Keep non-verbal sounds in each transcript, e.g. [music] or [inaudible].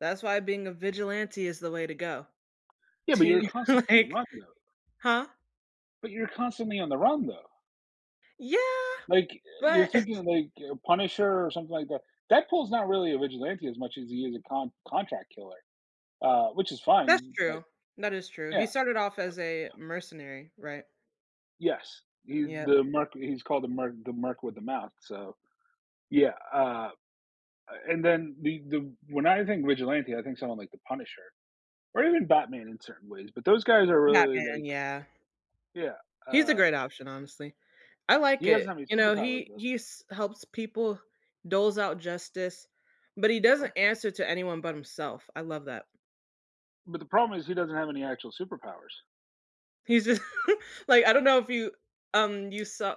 That's why being a vigilante is the way to go. Yeah, but To you're you, constantly on the like run, though. Huh? But you're constantly on the run, though. Yeah, Like, uh, you're but thinking [chuckles] of, like, uh, Punisher or something like that. Deadpool's not really a vigilante as much as he is a con contract killer, uh, which is That's fine, but true. That is true. He Yeah, started off but as a mercenary, right? Yes, he Yup. the Merc he is called the Merc the Merc with a Mouth, so Yeah, uh uh, and then the the When I think vigilante, I think someone like the Punisher, or even Batman in certain ways, but those guys are really Batman, like yeah. Yeah, He's a uh great option, honestly. I like He doesn't it. have any You know, superpowers, he though. he's helps people, doles out justice, but he Sure. doesn't answer to anyone but himself. I love that. But the problem is he doesn't have any actual superpowers. He's just [chuckles] Like, I don't know if you um, you saw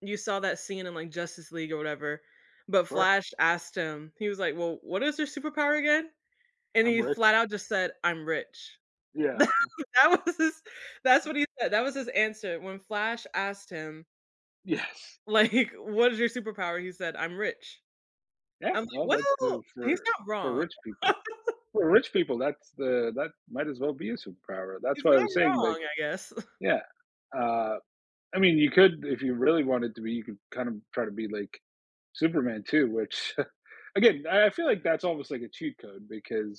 you saw that scene in, like, Justice League or whatever, but Sure. Flash asked him, he was like, "Well, what is your superpower again?" and I'm he rich. flat out just said, "I'm rich." Yeah, Tha h that was his his that's what he said, that was his answer when Flash asked him Yes. like, "What is your superpower?" he said, "I'm rich." Yeah, I'm well, like, that goes "Well, he's for not for wrong." rich people. [laughs] For rich people, that's the that might as well be a superpower. That's He's why I not was saying, like wrong, I guess. [chuckles] Yeah. Uh, I mean, you could if you really wanted to be, you could kind of try to be like Superman, too, which [chuckles] Again, I I feel like that's almost like a cheat code because